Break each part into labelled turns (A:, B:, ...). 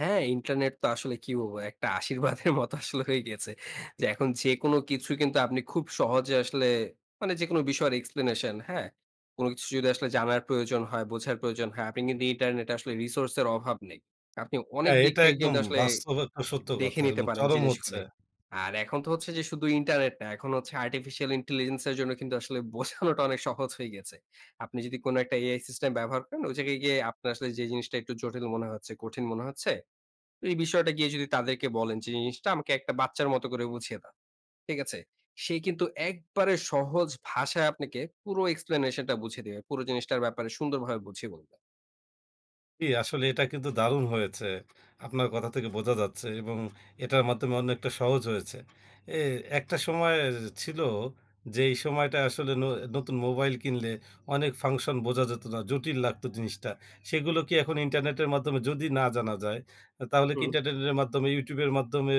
A: হ্যাঁ, ইন্টারনেট তো আসলে কি বলবো? একটা আশীর্বাদের মতো আসলে হয়ে গিয়েছে। এখন যেকোন কিছু কিন্তু আপনি খুব সহজে আসলে, মানে যেকোনো বিষয়ের এক্সপ্লেনেশন, হ্যাঁ? কোন কিছু যদি আসলে জানার প্রয়োজন হয়, বোঝার প্রয়োজন হয়, আপনি কিন্তু ইন্টারনেট আসলে রিসোর্স এর অভাব নেই। আপনি অনেক
B: হ্যাঁ,
A: দিক
B: এটা
A: থেকে
B: একদম
A: কিন্তু আসলে
B: বাস্তব একটা সত্য
A: দেখে
B: কথা
A: নিতে
B: এবং
A: পারেন
B: চরম হচ্ছে।
A: জিনিসগুলি। আর এখন তো হচ্ছে যে শুধু ইন্টারনেট না, এখন হচ্ছে আর্টিফিশিয়াল ইন্টেলিজেন্স এর জন্য কিন্তু আসলে বোঝানোটা অনেক সহজ হয়ে গেছে। আপনি যদি কোন একটা AI সিস্টেম ব্যবহার করেন, ওই জায়গায় গিয়ে আপনার আসলে যে জিনিসটা একটু জটিল মনে হচ্ছে, কঠিন মনে হচ্ছে, এই বিষয়টা গিয়ে যদি তাদেরকে বলেন যে, "জিনিসটা আমাকে একটা বাচ্চার মতো করে বুঝিয়ে দাও।" ঠিক আছে? সে কিন্তু একবারে সহজ ভাষায় আপনাকে পুরো এক্সপ্লেনেশনটা বুঝিয়ে দেবে। পুরো জিনিসটার ব্যাপারে সুন্দরভাবে বুঝিয়ে বলবে।
B: জি, আসলে এটা কিন্তু দারুণ হয়েছে। আপনার কথা থেকে বোঝা যাচ্ছে এবং এটার মাধ্যমে অনেকটা সহজ হয়েছে। এ একটা সময় এ ছিল যে, এই সময়টায় আসলে ন নতুন মোবাইল কিনলে অনেক ফাংশন বোঝা যেত না, জটিল লাগতো জিনিসটা। সেগুলো কি এখন ইন্টারনেটের মাধ্যমে যদি না জানা যায়, আ তাহলে কি
A: হুম।
B: ইন্টারনেটের মাধ্যমে, YouTube এর মাধ্যমে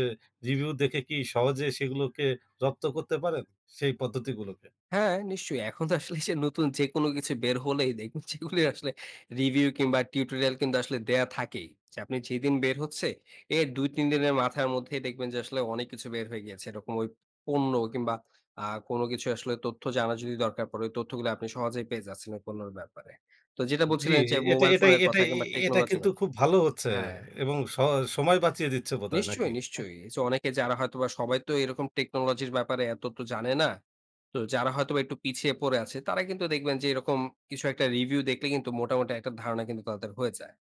B: রিভিউ দেখে কি সহজে সেগুলোকে, রপ্ত করতে পারেন, সেই পদ্ধতিগুলোকে?
A: হ্যাঁ, নিশ্চয়ই। এখন তো আসলে যে নতুন যেকোন কিছু বের হলেই দেখবেন, যেগুলি আসলে রিভিউ কিংবা টিউটোরিয়াল কিন্তু আসলে দেয়া থাকেই। যে আপনি যেদিন বের হচ্ছে, এর ২-৩ দিনের মাথার মধ্যে দেখবেন যে আসলে, অনেক কিছু বের হয়ে গিয়েছে। এরকম ওই পণ্য কিংবা আ কোন কিছু আসলে তথ্য জানা যদি দরকার পড়ে, ওই তথ্যগুলি আপনি সহজেই পেয়ে যাচ্ছেন ওই পণ্যের ব্যাপারে। তো যেটা
B: জি,
A: বলছিলেন যে
B: এ এটা
A: মোবাইল
B: এটাই,
A: ফোনের কথা
B: এটাই এ
A: কিংবা
B: এটা
A: টেকনোলজি এর
B: কিন্তু
A: কথা
B: খুব ভালো হচ্ছে
A: হ্যাঁ।
B: এবং স সময় বাঁচিয়ে দিচ্ছে বোধহয়,
A: নিশ্চয়ই,
B: নাকি?
A: নিশ্চয়ই। অনেকে যারা, হয়তোবা সবাই তো এরকম টেকনোলজির ব্যাপারে এত তো জানে না। তো যারা হয়তোবা একটু পিছিয়ে পড়ে আছে, তারা কিন্তু দেখবেন যে এরকম কিছু একটা রিভিউ দেখলে কিন্তু মোটামুটি একটা ধারণা কিন্তু তাদের হয়ে যায়।